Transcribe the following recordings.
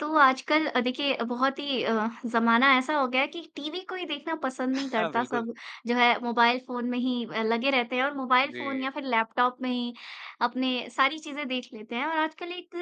तो आजकल अ, देखिए बहुत ही अ, ज़माना ऐसा हो गया है कि टीवी कोई देखना पसंद नहीं हाँ, करता बिल्कुल। सब जो है मोबाइल फ़ोन में ही अ, लगे रहते हैं और मोबाइल फ़ोन जी। या फिर लैपटॉप में ही अपने सारी चीज़ें देख लेते हैं, और आजकल एक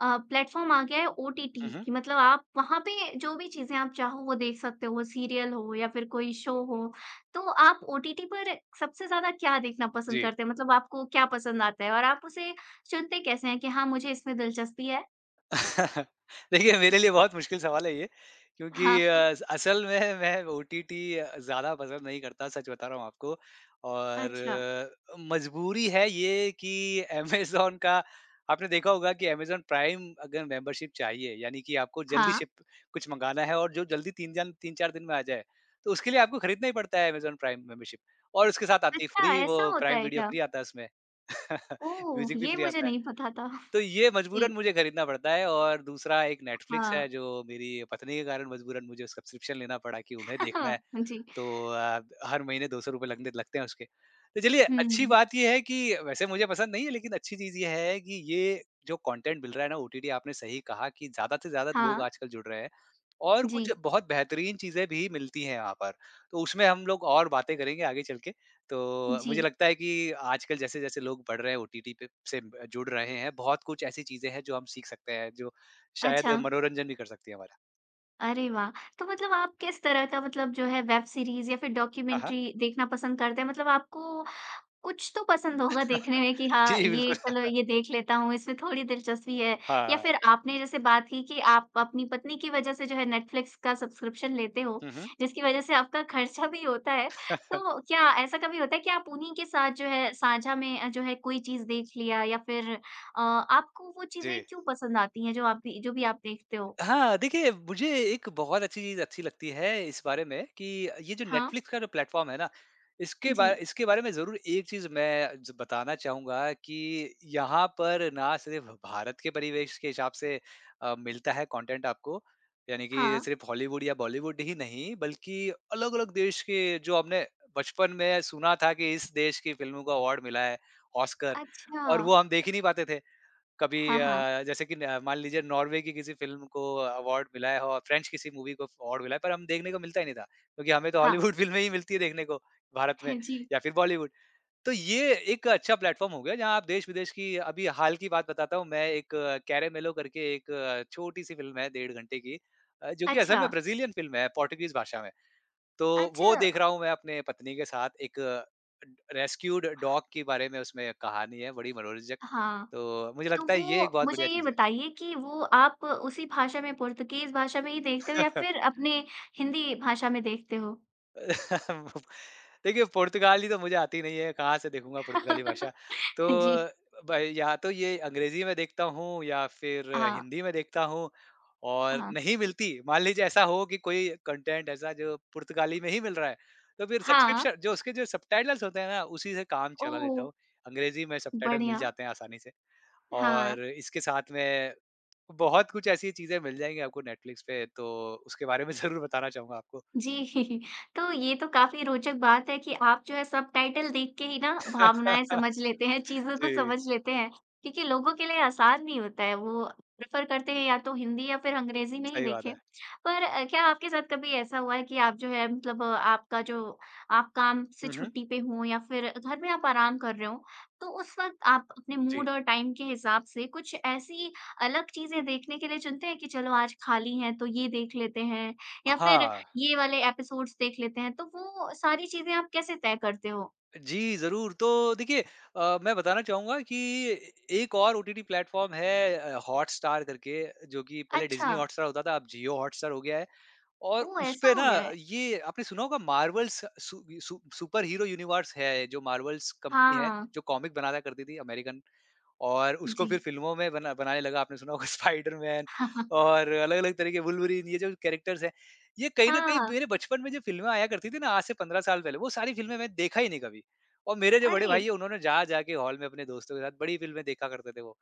अ, प्लेटफ़ॉर्म आ गया है ओटीटी हुँ, हुँ। कि मतलब आप वहाँ पे जो भी चीज़ें आप चाहो वो देख सकते हो वो सीरियल हो या फिर कोई शो हो, तो आप ओटीटी पर सबसे ज़्यादा क्या देखना पसंद जी। करते हैं? मतलब आपको क्या पसंद आता है, और आप उसे चुनते कैसे हैं कि हाँ मुझे इसमें दिलचस्पी है? देखिए, मेरे लिए बहुत मुश्किल सवाल है ये क्योंकि हाँ। अ, असल में मैं ओटीटी अ, ज़्यादा पसंद नहीं करता, सच बता रहा हूँ आपको अच्छा। और मजबूरी है ये कि अमेज़न का आपने देखा होगा कि अमेज़न प्राइम अगर मेंबरशिप चाहिए, यानी कि आपको जल्दी हाँ। शिप कुछ मँगाना है और जो जल्दी 3 जन 3-4 दिन में आ जाए तो उसके लिए आपको खरीदना ही पड़ता है अमेज़न प्राइम मेंबरशिप और उसके साथ आती है अच्छा फ्री वो ऐसा होता प्राइम है वीडियो, क्या? फ्री आता है उसमें ओह! म्यूज़िक भी ये फ्री मुझे आता है, नहीं पता था। तो ये मजबूरन जी। मुझे खरीदना पड़ता है और दूसरा एक नेटफ्लिक्स हाँ। है जो मेरी पत्नी के कारण मजबूरन मुझे सब्सक्रिप्शन लेना पड़ा कि उन्हें देखना है हाँ, जी। तो अ, हर महीने ₹200 लगते लगते हैं उसके, तो चलिए, हुँ, अच्छी हुँ। बात ये है कि वैसे मुझे पसंद नहीं है, लेकिन अच्छी चीज़ ये है कि ये जो कॉन्टेंट मिल रहा है ना, ओटीडी आपने सही कहा कि ज़्यादा से ज़्यादा लोग हाँ। आजकल जुड़ रहे हैं। और कुछ जी। बहुत बेहतरीन चीज़ें भी मिलती हैं यहाँ पर, तो उसमें हम लोग और बातें करेंगे आगे चल के तो मुझे जी। लगता है कि आजकल जैसे-जैसे लोग बढ़ रहे हैं ओटीटी पे से जुड़ रहे हैं बहुत कुछ ऐसी चीज़ें हैं जो हम सीख सकते हैं जो शायद अच्छा। मनोरंजन भी कर सकती है हमारा। अरे वाह! तो मतलब आप किस तरह का मतलब जो है वेब सीरीज़ या फ़िर हाँ, हाँ। डॉक्यूमेंट्री देखना पसंद करते हैं? मतलब आपको कुछ तो पसंद होगा देखने में कि हाँ जी, ये बिल्कुल। चलो ये देख लेता हूँ, इसमें थोड़ी दिलचस्पी है। या हाँ। फ़िर आपने जैसे बात की कि आप अपनी पत्नी की वज़ह से जो है नेटफ्लिक्स का सब्सक्रिप्शन लेते हो, हुँ, हुँ। जिसकी वज़ह से आपका खर्चा भी होता है। तो क्या ऐसा कभी होता है कि आप उन्हीं के साथ जो है साझा में जो है कोई चीज़ देख लिया। या फ़िर अ, आपको वो चीज़ें जी। क्यों पसंद आती हैं जो आप भी जो भी आप देखते हो? हाँ, देखिए मुझे एक बहुत अच्छी चीज़ अच्छी लगती है इस बारे में कि ये जो हाँ। नेटफ्लिक्स का जो प्लेटफ़ॉर्म है ना। इसके बार जी। इसके बारे में ज़रूर एक चीज़ मैं ज बताना चाहूँगा कि यहाँ पर ना सिर्फ़ भारत के परिवेश के हिसाब से अ, मिलता है कॉन्टेंट आपको। यानी कि हाँ। सिर्फ़ हॉलीवुड या बॉलीवुड ही नहीं बल्कि अलग-अलग देश के जो हमने बचपन में सुना था कि इस देश की फ़िल्मों को अवार्ड मिला है ऑस्कर। और वो अच्छा। हम देख ही नहीं पाते थे। कभी हाँ, हाँ। अ, जैसे कि न मान लीजिए नॉर्वे की किसी फ़िल्म को कॉन्टेंट मिला है और फ़्रेंच किसी मूवी को कॉन्टेंट मिला है, पर हम देखने को मिलता ही नहीं था। क्योंकि हमें तो हाँ। हॉलीवुड फ़िल्में ही मिलती है देखने को भारत में हाँ जी। या फ़िर बॉलीवुड। तो ये एक अच्छा प्लेटफ़ॉर्म हो गया, जहाँ आप देश-विदेश की अभी हाल की बात बताता हूँ मैं एक "कैरेमेलो" करके एक छोटी-सी फ़िल्म है, डेढ़ घंटे की। अ, जो कि असल में अच्छा। ब्राज़ीलियन फ़िल्म है, पोर्तुगीज़ भाषा में। तो वो अच्छा। देख रहा हूँ मैं अपने पत्नी के साथ। एक अ, रेस्क्यूड ड डॉग के बारे में उसमें एक कहानी है, बड़ी मनोरंजक। हाँ। तो मुझे तो लगता है ये एक वो बहुत मुझे बढ़िया ये चीज़ है। बताइए कि वो आप उसी भाषा में पोर्तुगीज़ भाषा में ही देखते हो या फ़िर अपने हिंदी भाषा में देखते हो? देखिए, पुर्तगाली तो मुझे आती नहीं है, कहाँ से देखूँगा पुर्तगाली भाषा। तो हाँ जी। अ, भई या तो ये अंग्रेज़ी में देखता हूँ या फिर हाँ। हिंदी में देखता हूँ और हाँ। नहीं मिलती मान लीजिए ऐसा हो कि कोई कंटेंट ऐसा जो पुर्तगाली में ही मिल रहा है, तो फिर हाँ। सब्सक्रिप्शन जो उसके जो सबटाइटल्स होते हैं ना, उसी से काम चला लेता ओह! हूँ। अंग्रेज़ी में सबटाइटल मिल बढ़िया। जाते हैं आसानी से हाँ। और इसके साथ में बहुत कुछ ऐसी चीज़ें मिल जाएँगी आपको नेटफ्लिक्स पे तो उसके बारे में ज़रूर बताना चाहूँगा आपको। जी। तो ये तो काफ़ी रोचक बात है कि आप जो हैं सबटाइटल देख के ही ना भावनाएँ समझ लेते हैं, चीज़ों को जी। समझ लेते हैं क्योंकि लोगों के लिए आसान नहीं होता है। वो प्रिफ़र करते हैं या तो हिंदी या फिर अंग्रेज़ी में ही सही बात देखें। है। पर अ, क्या आपके साथ कभी ऐसा हुआ है कि आप जो है मतलब आपका जो आप काम से हुँ, हुँ। छुट्टी पे हों या फिर घर में आप आराम कर रहे हों, तो उस वक़्त आप अपने जी। मूड और टाइम के हिसाब से कुछ ऐसी अलग चीज़ें देखने के लिए चुनते हैं कि चलो आज खाली हैं तो ये देख लेते हैं अ, या फिर हाँ। ये वाले एपिसोड्स देख लेते हैं तो वो अ, सारी चीज़ें आप कैसे तय करते हो? जी, ज़रूर तो देखिए अ, मैं बताना चाहूँगा कि ए एक और ओटीटी प्लेटफ़ॉर्म है अ, हॉटस्टार करके जो कि पहले डिज़नी अच्छा। हॉटस्टार होता था अब जियो हॉटस्टार हो गया है और ओह! ऐसा उसपे हो ना गया है? ये आपने सुना होगा मार्वल स सु सु सुपर हीरो यूनिवर्स है जो मार्वल्स कंपनी हाँ, है, हाँ। जो कॉमिक बनाता करती थी अमेरिकन और उसको फिर जी। फ़िल्मों में बना बनाने लगा। आपने सुना होगा स्पाइडरमैन और अलग-अलग तरीके वूल्वरिन ये जो कैरेक्टर्स हैं, ये कहीं न कहीं हाँ। मेरे बचपन में जो फ़िल्में आया करती थीं ना आज से 15 साल पहले, वो सारी फ़िल्में मैं देखा ही नहीं कभी। और मेरे जो बड़े भाई अरे! हैं, उन्होंने जा-जा के हॉल में अपने दोस्तों के साथ बड़ी फ़िल्में देखा करते थे वो।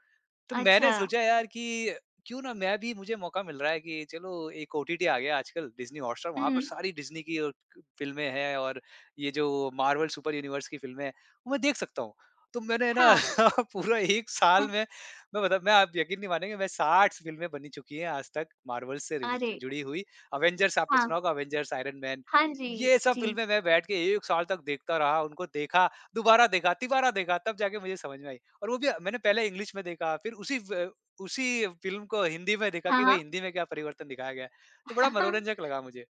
तो मैंने अच्छा। सोचा यार, कि क्यों ना मैं भी मुझे मौका मिल रहा है कि चलो एक ओटीटी आ गया आजकल डिज़नी हॉटस्टार। वहाँ पर हुँ। सारी डिज़नी की औ फ़िल्में हैं और ये जो मार्वल सुपर यूनिवर्स की फ़िल्में हैं, वो मैं देख सकता हूँ। तो मैंने ना हाँ। पूरा 1 साल हुँ। में मैं मतलब मैं आप यकीन नहीं मानेंगे मैं 60 स फ़िल्में बनी चुकी हैं आज तक मार्वल से रिज़ अरे! जुड़ी हुई। अवेंजर्स आपने हाँ। सुना होगा अवेंजर्स, आयरन मैन हाँ जी, ये सब जी। फ़िल्में मैं बैठ के 1 साल तक देखता रहा। उनको देखा, दोबारा देखा, तीबारा देखा तब जाके मुझे समझ में आई और वो भी अ, मैंने पहले इंग्लिश में देखा फिर उसी व उसी फ़िल्म को हिंदी में देखा हाँ, कि भई, हाँ। हिंदी में क्या परिवर्तन दिखाया गया है। तो बड़ा मनोरंजक लगा मुझे।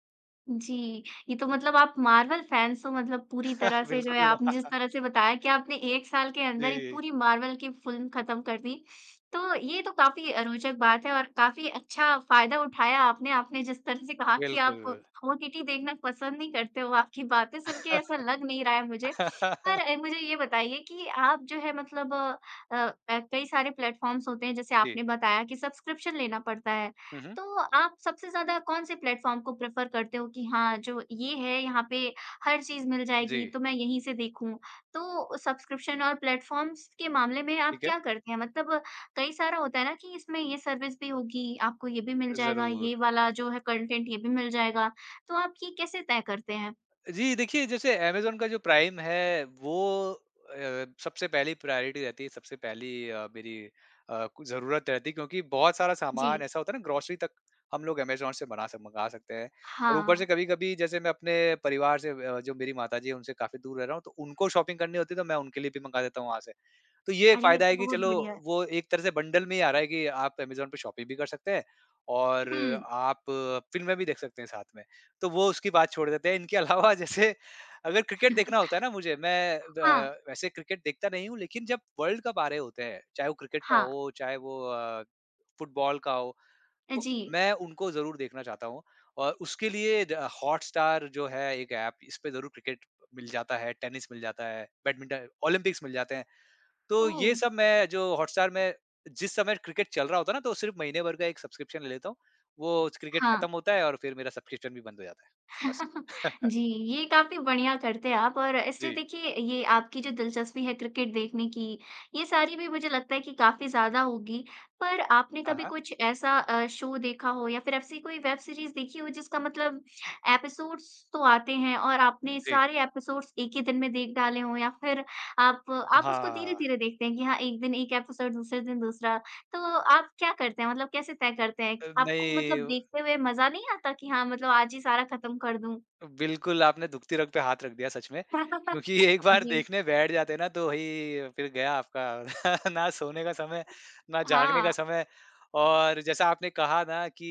जी। ये तो मतलब आप मार्वल फैन्स हो मतलब पूरी तरह से जो है बिल्कुल। आपने जिस तरह से बताया कि आपने 1 साल के अंदर 1 जी। पूरी मार्वल की फ़िल्म ख़त्म कर दी। तो ये तो काफ़ी अ, रोचक बात है और काफ़ी अच्छा फ़ायदा उठाया आपने। आपने जिस तरह से कहा कि आप बिल्कुल। ओटीटी देखना पसंद नहीं करते, वो आपकी बातें सुनके ऐसा लग नहीं रहा है मुझे। पर अ, मुझे ये बताइए कि आप जो है मतलब अ, ऐ कई सारे प्लेटफ़ॉर्म्स होते हैं जैसे जी। आपने बताया कि सब्सक्रिप्शन लेना पड़ता है, हुँ, हुँ। तो आप सबसे ज़्यादा कौन-से प्लेटफ़ॉर्म को प्रिफ़र करते हो कि हाँ, जो ये है यहाँ पे हर चीज़ मिल जाएगी जी। तो मैं यहीं से देखूँ? तो सब्सक्रिप्शन और प्लेटफ़ॉर्म्स के मामले में आप ठीक है। क्या करते हैं मतलब कई सारा होता है ना कि इसमें ये सर्विस भी होगी आपको ये भी मिल जाएगा, ये ज़रूर। वाला जो है कंटेंट ये भी मिल जाएगा, तो आप ये कैसे तय करते हैं? जी, देखिए जैसे अमेज़न का जो प्राइम है वो अ, सबसे पहली प्रायोरिटी रहती है सबसे पहली अ, मेरी अ, कु ज़रूरत रहती है क्योंकि बहुत सारा सामान जी। ऐसा होता है ना ग्रोसरी तक हम लोग अमेज़न से बना सक मँगा सकते हैं और ऊपर हाँ। से कभी-कभी जैसे मैं अपने परिवार से वे अ, जो मेरी माताजी हैं, उनसे काफ़ी दूर रह रहा हूँ तो उनको शॉपिंग करनी होती है तो मैं उनके लिए भी मँगा देता हूँ वहाँ से। तो ये एक अरे, ये फ़ायदा तो है कि बहुत चलो, बढ़िया है। वो एक तरह से बंडल में ही आ रहा है कि आप अमेज़न पे शॉपिंग भी कर सकते हैं और हुँ। आप फ़िल्में भी देख सकते हैं साथ में। तो वो उसकी बात छोड़ देते हैं, इनके अलावा जैसे अगर क्रिकेट देखना होता है ना मुझे, मैं व हाँ। वैसे क्रिकेट देखता नहीं हूँ लेकिन जब वर्ल्ड कप आ रहे होते हैं, चाहे वो क्रिकेट का हाँ। हो चाहे वो अ, फ़ुटबॉल का हो, अ, तो जी। मैं उनको ज़रूर देखना चाहता हूँ और उसके लिए द अ, हॉटस्टार जो है एक ऐप, इस पे ज़रूर क्रिकेट अ, मिल जाता है। टेनिस मिल जाता है, बैडमिंटन ओलंपिक्स मिल जाते हैं। तो ये ओह! सब मैं जो हॉटस्टार मैं जिस समय क्रिकेट चल रहा होता है ना तो सिर्फ़ महीनेभर का एक सब्सक्रिप्शन ले लेता हूँ। वो ज क्रिकेट हाँ। ख़त्म होता है और फिर मेरा सब्सक्रिप्शन भी बंद हो जाता है। बस। जी, ये काफ़ी बढ़िया करते हो आप और ऐसे जी। देखिए ये आपकी जो दिलचस्पी है क्रिकेट देखने की, ये सारी भी मुझे लगता है कि काफ़ी ज़्यादा होगी। पर आपने हाँ, कभी हाँ। कुछ ऐसा अ, शो देखा हो या फिर ऐसी कोई वेब सीरीज़ देखी हो जिसका मतलब एपिसोड्स तो आते हैं और अ, आपने जी। सारे एपिसोड्स 1 ही दिन में देख डाले हों या फिर आप आप उसको हाँ। धीरे-धीरे देखते हैं कि हाँ, 1 दिन 1 एपिसोड दूसरे दिन दूसरा, तो आप क्या करते हैं? मतलब कैसे तय करते हैं कि अ, आपको नहीं मतलब ओ देखते हुए मज़ा नहीं आता कि हाँ, मतलब आज ही सारा ख़त्म कर दूँ? बिल्कुल, आपने दुखती रग पे हाथ रख दिया सच में, क्योंकि एक बार जी। देखने बैठ जाते हैं ना तो वही फिर गया आपका। ना सोने का समय, ना जागने का हाँ। समय और जैसा आपने कहा ना कि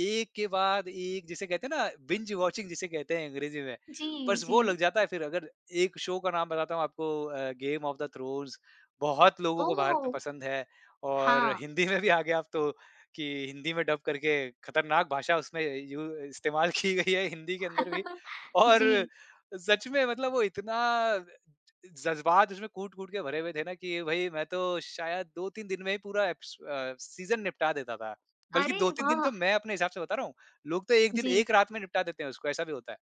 एक के बाद एक जिसे कहते हैं ना बिंज वॉचिंग जिसे कहते हैं अंग्रेज़ी में, जी, बस वो लग जी। जाता है फिर अगर एक शो का नाम बताता हूँ आपको अ, गेम ऑफ़ द थ्रोन्स। बहुत लोगों को भारत में ओह! पसंद है और हाँ। हिंदी में भी आ गया अब तो कि हिंदी में डब करके खतरनाक भाषा उसमें य यू इस्तेमाल की गई है हिंदी के अंदर भी और अ, जी। सच में मतलब वो इतना अ, ज जज़्बात उसमें कूट-कूट के भरे हुए थे ना कि ये भई, मैं तो शायद 2-3 दिन में ही पूरा एप्स अ, सीज़न निपटा देता था। बल्कि अरे 2-3 दिन तो वाह! मैं अपने हिसाब से बता रहा हूँ। लोग तो 1 दिन जी। 1 रात में निपटा देते हैं उसको ऐसा भी होता है।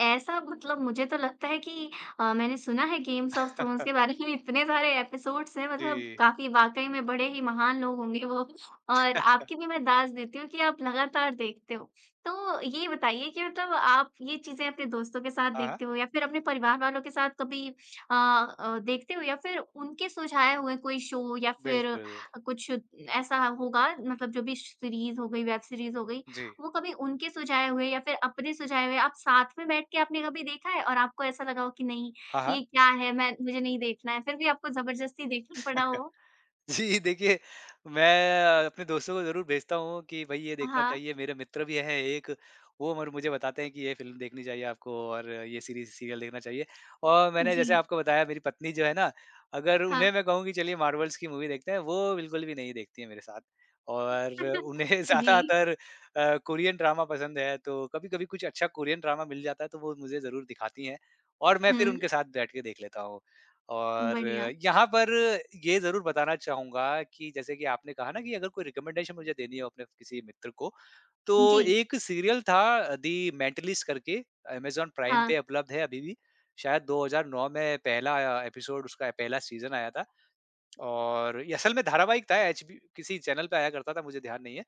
ऐसा मतलब मुझे तो लगता है कि अ, मैंने सुना है गेम्स ऑफ़ थ्रोन्स के बारे में इतने सारे एपिसोड्स हैं, मतलब जी। काफ़ी वाक़ई में बड़े ही महान लोग होंगे वो, और आपकी भी मैं दात देती हूँ कि आप लगातार देखते हो। तो ये बताइए कि मतलब आप ये चीज़ें अपने दोस्तों के साथ हाँ, हाँ। देखते हो या फिर अपने परिवार वालों के साथ कभी अ अ, देखते हो? या फिर उनके सुझाव हुए कोई शो या फिर अ, बिल्कुल। कुछ ऐसा होगा मतलब जो भी श सीरीज़ हो गई, वेब सीरीज़ हो गई, जी। वो कभी उनके सुझाव हुए या फिर अपने सुझाव हुए आप साथ में बैठ के आपने कभी देखा है और आपको ऐसा लगा हो कि, "नहीं, हाँ, हाँ। ये क्या है? मैं मुझे नहीं देखना है।" फिर भी आपको ज़बरदस्ती देखना पड़ा हो? जी, देखिए, मैं अ, अपने दोस्तों को ज़रूर भेजता हूँ कि, "भई, ये देखना हाँ। चाहिए।" मेरे मित्र भी हैं एक, वो मर मुझे बताते हैं कि, "ये फ़िल्म देखनी चाहिए आपको और ये सीरीज़, सीरियल देखना चाहिए।" और मैंने जैसे जी। आपको बताया, मेरी पत्नी जो है ना, अगर हाँ। उन्हें मैं कहूँ कि, "चलिए, मार्वल्स की मूवी देखते हैं।" वो बिल्कुल भी नहीं देखती हैं मेरे साथ। और उन्हें जी। ज़्यादातर अ, कोरियन ड्रामा पसंद है, तो कभी-कभी कुछ अच्छा कोरियन ड्रामा मिल जाता है, तो वो मुझे ज़रूर दिखाती हैं और मैं फिर हुँ। उनके साथ बैठ के देख लेता हूँ। और बढ़िया। यहाँ पर ये ज़रूर बताना चाहूँगा कि जैसे कि आपने कहा ना कि अगर कोई रिकमेंडेशन मुझे देनी है अपने किसी मित्र को, तो जी। एक सीरियल था अ, "दी मेंटलिस्ट" करके, अमेज़न प्राइम हाँ। पे उपलब्ध है अभी भी। शायद 2009 में पहला आया एपिसोड उसका, पहला सीज़न आया था। और ये असल में धारावाहिक था, एचबी किसी चैनल पे आया करता था, मुझे ध्यान नहीं है।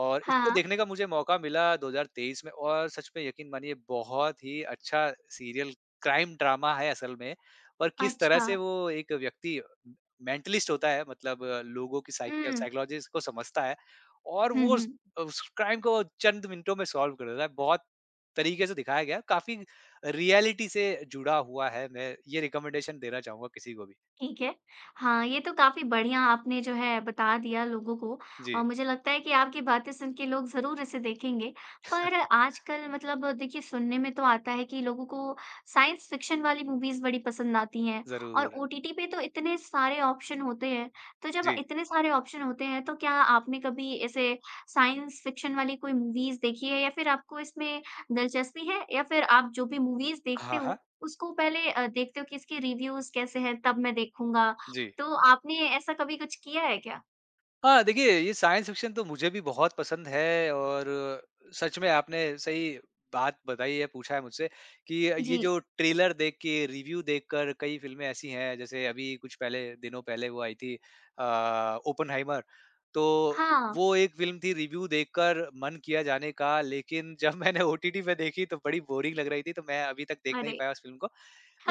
और इसको हाँ। देखने का मुझे मौका मिला 2023 में और सच में यकीन मानिए, बहुत ही अच्छा सीरियल क्राइम ड्रामा है असल में। पर किस तरह से अच्छा। वो एक व्यक्ति मेंटलिस्ट होता है, मतलब लोगों की साइकि या हुँ। साइकोलॉजिस्ट को समझता है और हुँ, वो उस हुँ। अ, उस क्राइम को चंद मिनटों में सॉल्व कर देता है। बहुत तरीके से दिखाया गया है, काफ़ी अ, रियलिटी से जुड़ा हुआ है, मैं ये रिकमेंडेशन देना चाहूँगा किसी को भी। ठीक है। हाँ, ये तो काफ़ी बढ़िया आपने जो है बता दिया लोगों को, और जी। मुझे लगता है कि आपकी बातें सुन के लोग ज़रूर इसे देखेंगे। पर आजकल मतलब देखिए, सुनने में तो आता है कि लोगों को साइंस फ़िक्शन वाली मूवीज़ बड़ी पसंद आती हैं और ज़रूर। ओटीटी पे तो इतने सारे ऑप्शन होते हैं। तो जब जी। इतने सारे ऑप्शन होते हैं, तो क्या आपने कभी ऐसे साइंस फ़िक्शन वाली कोई मूवीज़ देखी है या फिर आपको इसमें दिलचस्पी है? या फिर आप जो भी मूवीज़ देखते हाँ, हो, हाँ। उसको पहले अ, देखते हो कि, "इसकी रिव्यूज़ कैसे हैं, तब मैं देखूँगा।" जी। तो आपने ऐसा कभी कुछ किया है क्या? हाँ, देखिए ये साइंस फ़िक्शन तो मुझे भी बहुत पसंद है और सच में आपने सही बात बताई है पूछा है मुझसे कि ये जी। जो ट्रेलर देख के, रिव्यू देखकर कई फ़िल्में ऐसी हैं, जैसे अभी कुछ पहले दिनों पहले वो आई थी अ, ओपेनहाइमर, तो हाँ। वो एक फ़िल्म थी रिव्यू देखकर मन किया जाने का लेकिन जब मैंने ओटीटी पे देखी तो बड़ी बोरिंग लग रही थी, तो मैं अभी तक देख नहीं अरे! पाया उस फ़िल्म को,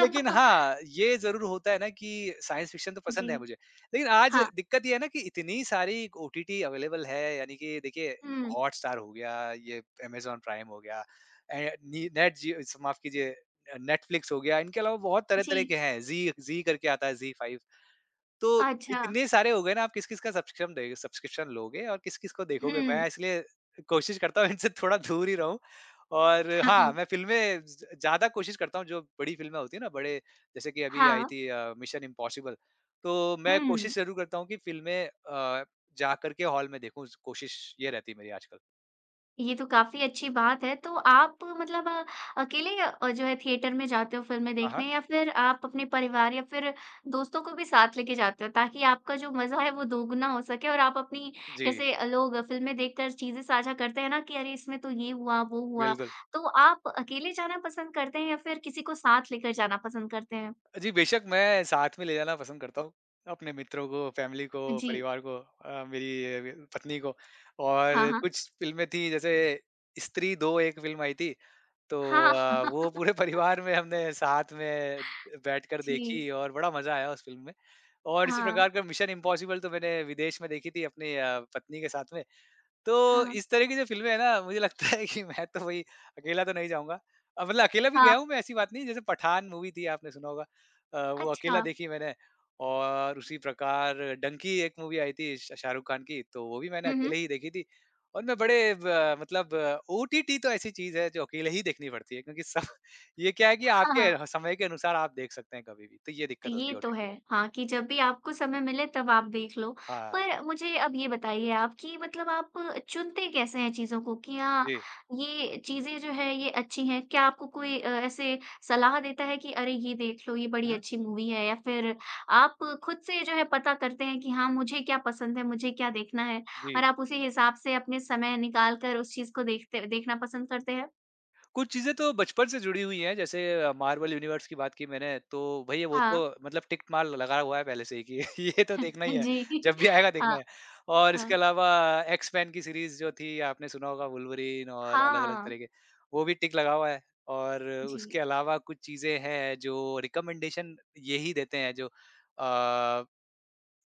लेकिन हाँ, ये ज़रूर होता है ना कि साइंस फ़िक्शन तो जी। पसंद है मुझे, लेकिन आज हाँ। दिक्कत ये है ना कि इतनी सारी ओटीटी अवेलेबल है, यानी कि देखिए हुँ। हॉटस्टार हो गया, ये अमेज़न प्राइम हो गया, ए नी नेट जियो स माफ़ कीजिए नेटफ्लिक्स हो गया, इनके अलावा बहुत तरह-तरह जी। के हैं, जी जी करके आता है, जी फाइव, तो अच्छा। इतने सारे हो गए ना आप किस-किस का सब्स्कृम दे सब्सक्रिप्शन लोगे और किस-किस को देखोगे? हुँ। मैं इसलिए कोशिश करता हूँ इनसे थोड़ा दूर ही रहूँ और हाँ, हाँ, हाँ। मैं फ़िल्में ज ज़्यादा कोशिश करता हूँ, जो बड़ी फ़िल्में होती हैं ना, बड़े जैसे कि अभी आई हाँ। थी अ, मिशन इम्पॉसिबल, तो मैं हुँ। कोशिश ज़रूर करता हूँ कि फ़िल्में अ, जाकर के हॉल में देखूँ, कोशिश ये रहती है मेरी आजकल। ये तो काफ़ी अच्छी बात है, तो आप मतलब अ, अकेले अ, जो है थिएटर में जाते हो फ़िल्में हाँ, देखने हाँ। या फिर आप अपने परिवार या फिर दोस्तों को भी साथ लेके जाते हो ताकि आपका जो मज़ा है वो दोगुना हो सके और आप अपनी जी। जैसे लोग फ़िल्में देखकर चीज़ें साझा करते हैं ना कि, अरे! इसमें तो ये हुआ, वो हुआ। बिल्कुल। तो आप अकेले जाना पसंद करते हैं या फिर किसी को साथ लेकर जाना पसंद करते हैं? जी, बेशक़ मैं साथ में ले जाना पसंद करता हूँ अपने मित्रों को, फ़ैमिली को, जी। परिवार को अ, मेरी अ, पत्नी को और हाँ, हाँ। कुछ फ़िल्में थी, जैसे स्त्री 2 एक फ़िल्म आई थी, तो हाँ। अ, वो पूरे परिवार में हमने साथ में बैठकर जी। देखी और बड़ा मज़ा आया उस फ़िल्म में और इसी हाँ। प्रकार का मिशन इम्पॉसिबल तो मैंने विदेश में देखी थी अपनी अ, पत्नी के साथ में, तो हाँ। इस तरह की जो फ़िल्में हैं ना, मुझे लगता है कि मैं तो वही, अकेला तो नहीं जाऊँगा, अब मतलब अकेला भी हाँ। गया हूँ मैं, ऐसी बात नहीं है, जैसे पठान मूवी थी, आपने सुना होगा अ, वो अकेला अच्छा। देखी मैंने और उसी प्रकार डंकी एक मूवी आई थी श शाहरुख़ ख़ान की, तो वो भी मैंने हुँ, हुँ। अकेले ही देखी थी और मैं बड़े अ, मतलब ओटीटी तो ऐसी चीज़ है जो अकेले ही देखनी पड़ती है क्योंकि स ये क्या है कि हाँ, हाँ। आपके समय के अनुसार आप देख सकते हैं कभी-भी, तो ये दिक्क़त होती ये है तो ओटीटी है, में। हाँ, कि जब भी आपको समय मिले तब आप देख लो, हाँ। पर मुझे अब ये बताइए आप कि मतलब आप चुनते कैसे हैं चीज़ों को कि हाँ, जी। ये चीज़ें जो है ये अच्छी हैं क्या आपको कोई अ, ऐसे सलाह देता है कि, अरे! ये देख लो ये बड़ी उहुँ। अच्छी मूवी है, या फिर आप ख़ुद से जो है पता करते हैं कि, हाँ, मुझे क्या पसंद है, मुझे क्या देखना है और जी। आप उसी हिसाब से अपने समय निकाल कर उस चीज़ को देखते देखना पसंद करते हैं? कुछ चीज़ें तो बचपन से जुड़ी हुई हैं जैसे मार्वल यूनिवर्स की बात की मैंने तो भई वो तो हाँ। मतलब टिक मार्क लगा हुआ है पहले से ही कि ये तो देखना ही है जी। जब भी आएगा देखना हाँ। है और इसके हाँ। अलावा एक्स-मैन की सीरीज़ जो थी आपने सुना होगा वुल्वरीन और अलग-अलग हाँ। तरीके वो भी टिक लगा हुआ है और जी। उसके अलावा कुछ चीज़ें हैं जो रिकमेंडेशन यही देते हैं जो अ,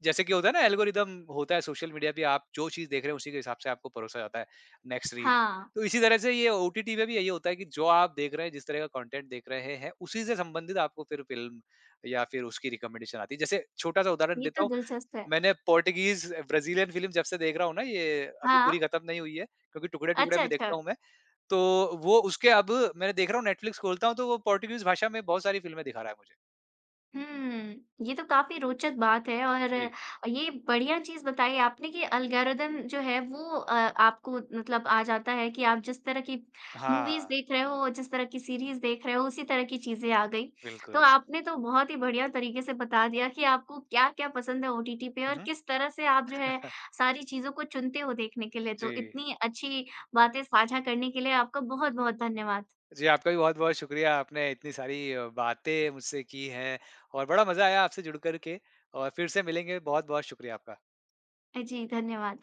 जैसे कि होता है ना, एल्गोरिदम होता है सोशल मीडिया पे आप जो चीज़ देख रहे हैं उसी के हिसाब से आपको परोसा जाता है नेक्स्ट रील। हाँ। तो इसी तरह से ये ओटीटी पे भी यही होता है कि जो आप देख रहे हैं, जिस तरह का कंटेंट देख रहे हैं, है उसी से संबंधित आपको फिर फिल्म या फिर उसकी रिकमेंडेशन आती है। जैसे छोटा-सा उदाहरण ये देता तो हूँ, दिलचस्प है। मैंने पॉर्टिगीज़ ब्राज़ीलियन फ़िल्म जब से देख रहा हूँ ना ये अभी पूरी हाँ। ख़त्म नहीं हुई है क्योंकि टुकड़े-टुकड़े अच्छा, में देखता अच्छा। हूँ मैं। तो वो उसके अब मैंने देख रहा हूँ नेटफ्लिक्स खोलता हूँ तो वो पॉर्टिगीज़ भाषा में बहुत सारी फ़िल्म दिखा रहा है मुझे। हुँ। ये तो काफ़ी रोचक बात है और जी। ये बढ़िया चीज़ बताई आपने कि एल्गोरिदम जो है वो अ, आपको मतलब आ जाता है कि आप जिस तरह की मूवीज़ हाँ। देख रहे हो जिस तरह की सीरीज़ देख रहे हो उसी तरह की चीज़ें आ गई। तो बिल्कुल। आपने तो बहुत ही बढ़िया तरीके से बता दिया कि आपको क्या-क्या पसंद है ओटीटी पे हुँ, और हुँ। किस तरह से आप जो है सारी चीज़ों को चुनते हो देखने के लिए। तो जी। इतनी अच्छी बातें साझा करने के लिए आपका बहुत-बहुत धन्यवाद। जी, आपका भी बहुत-बहुत शुक्रिया आपने इतनी सारी बातें मुझसे की हैं और बड़ा मज़ा आया आपसे जुड़कर के और फिर से मिलेंगे बहुत-बहुत शुक्रिया आपका। अ, जी। धन्यवाद।